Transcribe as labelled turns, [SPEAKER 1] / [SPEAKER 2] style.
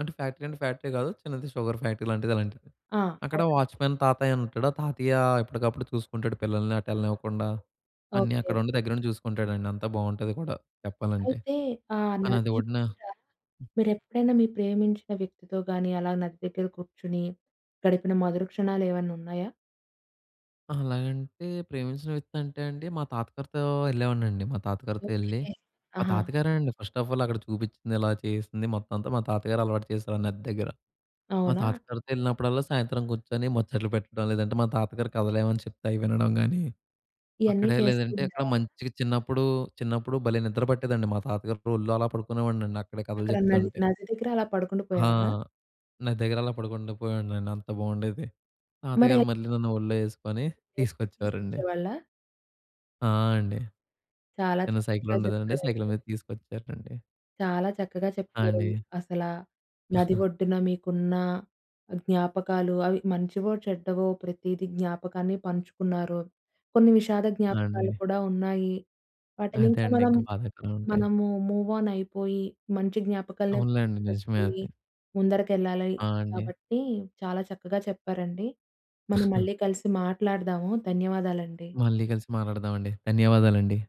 [SPEAKER 1] అంటే ఫ్యాక్టరీ అంటే, ఫ్యాక్టరీ గాదు. చిన్నది షుగర్ ఫ్యాక్టరీ లాంటిది, అలాంటిది.
[SPEAKER 2] ఆ!
[SPEAKER 1] అక్కడ
[SPEAKER 2] అవునండి.
[SPEAKER 1] వాచ్‌మెన్ తాతయ్యనుంటాడు. ఆ తాతయ్య ఎప్పటికప్పుడు చూసుకుంటాడు పిల్లల్ని అటేళ్ళనివ్వకుండా. అన్నీ
[SPEAKER 2] ఓకె.
[SPEAKER 1] అక్కడుండి దగ్గరుండి జూసుకుంటాడండి, అంతా బాగుంటది కూడా, చెప్పాలంటే.
[SPEAKER 2] అయితే ఆ
[SPEAKER 1] ఆ నది
[SPEAKER 2] నది
[SPEAKER 1] వొడ్డున
[SPEAKER 2] తీరాన మీరెప్పుడైనా మీ ప్రేమించిన వ్యక్తితో గాని, అలా నది దగ్గర కూర్చొని గడిపిన మధుర క్షణాలేమన్నా ఉన్నాయా?
[SPEAKER 1] అహా! అలాగంటే ప్రేమించిన వ్యక్తంటే అండి, మా తాతగారితో యెళ్ళేవాడినండి మా తాతగారితో యెళ్లి,
[SPEAKER 2] ఓకె.
[SPEAKER 1] మా
[SPEAKER 2] ఆహా!
[SPEAKER 1] తాతగారేనండి ఫస్ట్ ఆఫ్ ఆల్ అక్కడ చూపిచ్చింది ఇలా చేయిస్తంది మొత్తమంతా మా తాతగారలవాటు చేసారు, నది దగ్గర. మా
[SPEAKER 2] అవునా?
[SPEAKER 1] తాత గారితో యెళ్ళినప్పుడల్లా సాయంత్రం గూర్చొని ముచ్చట్లు బెట్టడం. లేదంటే మా తాతగారి కథలేమైనా చెప్తే అయి వినడం గానీ,
[SPEAKER 2] ఇయన్నీ
[SPEAKER 1] అక్కడే
[SPEAKER 2] చేస్తూ
[SPEAKER 1] లేదంటే అక్కడ
[SPEAKER 2] ఉండేవారు.
[SPEAKER 1] మంచిగా చిన్నప్పుడు, చిన్నప్పుడు భలే నిద్ర బట్టేదండి మా తాతగారి ఒళ్ళో అలా పడుకునేవాడినండి, అక్కడే కథలు
[SPEAKER 2] అక్కడ నది
[SPEAKER 1] జెప్తుంటే.
[SPEAKER 2] నది దగ్గర అలా పడుకుండి
[SPEAKER 1] ఆ!
[SPEAKER 2] పోయేవారా?
[SPEAKER 1] నది దెగ్గరలా పడుకుండా పోయేవాడ్నండి. అంత బాగుండేది.
[SPEAKER 2] మరె
[SPEAKER 1] తాతగారు మళ్ళీ నన్ను ఒళ్ళో ఎసుకొని
[SPEAKER 2] లేపి
[SPEAKER 1] తీసుకొచ్చేవారండి.
[SPEAKER 2] తీసుకొచ్చేవాళ్ళా?
[SPEAKER 1] ఆ! అండి.
[SPEAKER 2] చాలా
[SPEAKER 1] చిన్న సైకిల్
[SPEAKER 2] చక్కగా
[SPEAKER 1] ఉండెదండి. సైకిల్
[SPEAKER 2] చెప్పారండి.
[SPEAKER 1] మీద తీసుకొచ్చేవారండి.
[SPEAKER 2] చాలా చక్కగా
[SPEAKER 1] ఆ!
[SPEAKER 2] చెప్పారండి.
[SPEAKER 1] అండి.
[SPEAKER 2] అసలా, నది ఒడ్డున మీకున్న జ్ఞాపకాలు అవి మంచివో, చెడ్డవో ప్రతీదీ జ్ఞాపకాన్ని పంచుకున్నారు. కొన్ని విషాద
[SPEAKER 1] ఆ!
[SPEAKER 2] జ్ఞాపకాలు
[SPEAKER 1] అండి.
[SPEAKER 2] కూడా ఉన్నాయి.
[SPEAKER 1] అదే
[SPEAKER 2] వాటినింకా
[SPEAKER 1] అండి,
[SPEAKER 2] మనం,
[SPEAKER 1] ఇంకా బాధకరమంటే.
[SPEAKER 2] మనము మూవ్ ఆన్ అయిపోయి, మంచి జ్ఞాపకాలనే
[SPEAKER 1] అవునులెండి. నిజమే
[SPEAKER 2] గుర్తుపెట్టుకొని
[SPEAKER 1] అది.
[SPEAKER 2] ముందరకెళ్ళాలని,
[SPEAKER 1] ఆ! అండి.
[SPEAKER 2] కాబట్టి చాలా చక్కగా చెప్పారండి. మనం మళ్ళీ కలిసి మాట్లాడదాము. ధన్యవాదాలండి.
[SPEAKER 1] మళ్ళీ కలిసి మాట్లాడదాం అండి. ధన్యవాదాలండి.